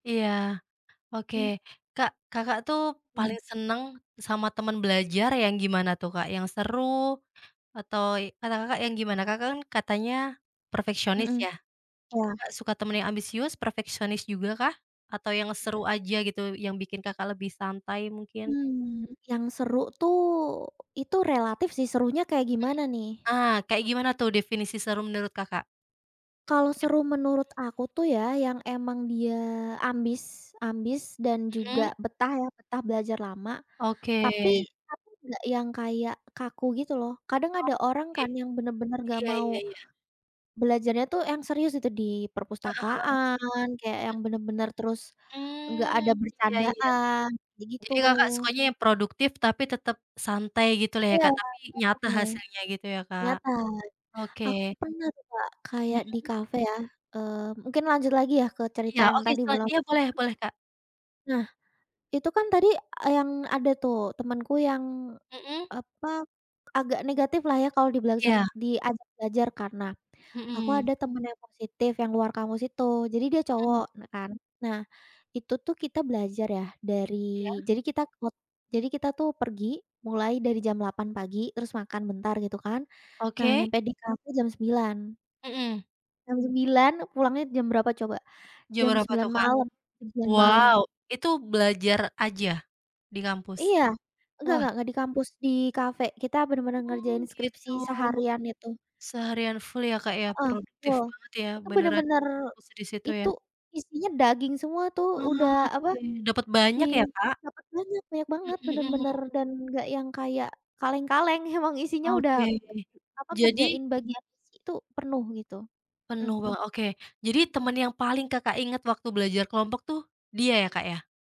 Iya. Oke. Mmm. Kak, Kakak tuh Mhm. paling seneng sama temen belajar yang gimana tuh, Kak? Yang seru, atau ey kata Kakak yang gimana? Kakak kan katanya, perfeksionis Mhm. ya, Iya. Kakak suka temen yang ambisius, perfeksionis juga kah, atau yang seru aja gitu, yang bikin Kakak lebih santai mungkin? Hmm. Yang seru tuh, itu relatif sih, serunya kayak Mhm, gimana nih? ah, kayak gimana tuh, definisi seru menurut Kakak? Kalau Ya, mhm. seru menurut aku tuh ya, yang emang dia ambis ambis dan juga Mhm. betah ya, betah belajar lama. Oke. Tapi tapi nggak yang kayak kaku gitu loh, kadang ada orang Oke. kan yang bener-bener nggak Iya mau, iya iya. belajarnya tuh yang serius itu di Heeh heeh. perpustakaan, kayak Mhm. yang bener-bener terus, nggak Mmm, ada iya iya. bercandaan, kayak gitu. Jadi Kakak sukanya yang produktif, tapi tetep santai gitu lah ya, Iya, Kak, tapi nyata cocoknya, hasilnya gitu ya, Kak? nyantai, Oke. aku pernah tuh, Kak, kayak di Mhm. kafe ya eee, mungkin lanjut lagi ya, ke cerita Iya, yang oke tadi setelah belum dia mhm. boleh boleh, Kak. Nah, itu kan tadi, eee, yang ada tuh temenku yang, Mhm. apa, agak negatif lah ya, kalau dibilang sep Iya. diajak belajar, karena, aku Mhm. ada temen yang positif, yang luar kampus itu, jadi dia Mhm. cowok, nah kan. Nah, itu tuh kita belajar ya, dari Iya. jadi kita kut jadi kita tuh pergi mulai dari jam 8.00 pagi, terus makan bentar gitu kan, nah Oke. nyampe di kafe jam 9.00. Mhm. Jam 9.00 pulangnya jam berapa coba? Jam Jam berapa 9.00 tuh, Kak? malem jam 9.00 Wow, malem. itu belajar aja, di kampus? Iya, nggak Wah. nggak nggak di kampus, di kafe. Kita bener-bener Mmm, ngerjain skripsi gitu. seharian itu. Seharian full ya, Kak, ya, Heeh, produktif full. banget ya, Itu beneran, bener-bener, fokus di situ itu ya? isinya daging semua tuh, udah apa, Oke, dapet banyak ting ya, Kak? dapet banyak, banyak banget, Mhm mhm. bener-bener dan nggak yang kayak kaleng-kaleng emang isinya, udah Oke, apa, jadi ngerjain bagian skripsi tuh penuh gitu. Mhm. [unintelligible] Oke. Jadi teman yang paling Kakak ingat waktu belajar kelompok tuh dia ya, Kak, ya?